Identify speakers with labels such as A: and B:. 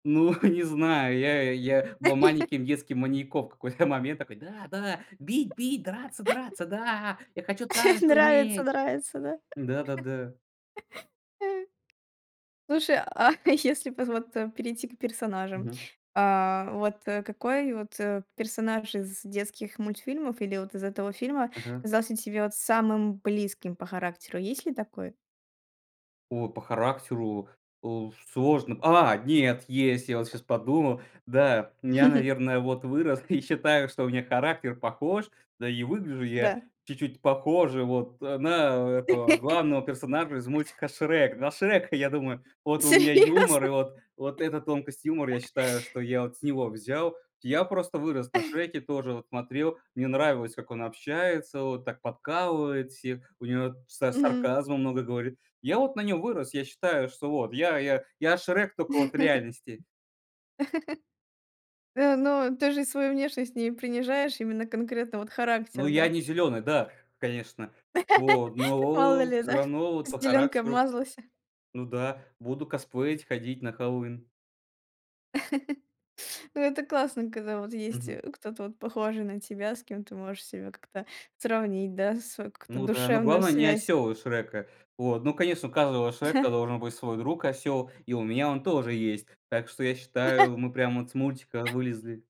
A: Ну, не знаю, я, э, я был маленьким детским маньяком в какой-то момент. Такой: "Да, да, бить, бить, драться, драться. Да, я хочу также
B: Нравится,
A: уметь."
B: нравится да.
A: М-да, да-да.
B: Слушай, а если поз вот, э, перейти к персонажам,
A: Мгм.
B: а, вот, э, какой вот, э, персонаж из детских мультфильмов или вот из этого фильма
A: Ага.
B: казался тебе вот самым близким по характеру, есть ли такой?
A: О, по характеру, уф, сложно. А, нет, есть! Я вот щас подумал. Да, нь я, наверное, вот вырос и считаю, что у меня характер похож, да и выгляжу я
B: Да.
A: чуть-чуть похоже вот, э, на этого главного персонажа из мультика "Шрек". На Шрека, я думаю, вот у меня юмор, и
B: Серьёзно?
A: вот вот эта тонкость юмора я считаю, что я вот с него взял. Я просто вырос на Шреке, тоже вот смотрел, мне нравилось, как он общается, вот так подкалывает всех, у него са
B: Мгм.
A: сарказма много говорит. Я вот на нём вырос. Я считаю, что вот я я я Шрек тока вот в реальности.
B: Э, но ты же свою внешность не принижаешь, именно конкретно вот
A: Ну,
B: характер,
A: я
B: да?
A: не зеленый, да, конечно. Вот,
B: Мало
A: но
B: ли,
A: всё
B: да,
A: равно вот по
B: зеленкой
A: характеру.
B: обмазался.
A: Ну да, буду косплеить, ходить на Хэллоуин.
B: Ну это классно, когда вот есть,
A: Мгм.
B: э, кто-то вот похожий на тебя, с кем ты можешь себя как-то сравнить, да, свою какую-то
A: Ну да, но
B: душевную
A: главное не
B: связь.
A: осёл из "Шрека". Вот ну конечно, у каждого Шрека должен быть свой друг осёл, и у меня он тоже есть. Так что я считаю, мы прям вот с мультика вылезли.